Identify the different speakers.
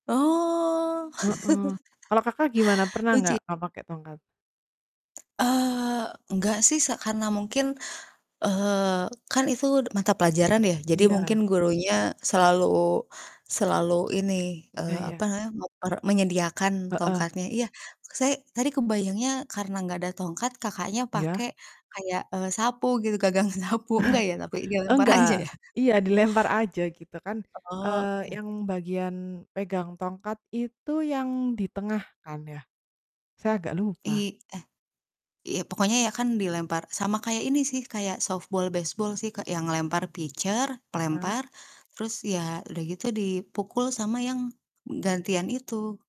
Speaker 1: Oh.
Speaker 2: Heeh. Kalau Kakak gimana? Pernah
Speaker 1: Lucu.
Speaker 2: gak kamu pake tongkat?
Speaker 1: Eee, enggak sih s karena mungkin. eee, kan itu d mata pelajaran ya. Jadi mungkin
Speaker 2: Iya.
Speaker 1: gurunya selalu, selalu ini,
Speaker 2: Ya
Speaker 1: eee, apa
Speaker 2: ya.
Speaker 1: namanya muk per menyediakan
Speaker 2: Heeh.
Speaker 1: tongkatnya. Iya s saya tadi kebayangnya karena enggak ada tongkat Kakaknya
Speaker 2: Iya.
Speaker 1: pakai kayak, eee, sapu gitu gagang sapu, enggak ya tapi dilempar aja
Speaker 2: Nggak.
Speaker 1: ya.
Speaker 2: Iya dilempar aja gitu kan,
Speaker 1: Heeh,
Speaker 2: eee,
Speaker 1: oke.
Speaker 2: yang bagian pegang tongkat itu yang di tengah kan ya? Saya agak lupa.
Speaker 1: I eh, iya pokoknya ya kan dilempar sama kayak ini sih kayak softball, baseball sih, Kak, yang lempar pitcher,
Speaker 2: Heeh.
Speaker 1: pelempar terus ya udah gitu dipukul sama yang m gantian itu.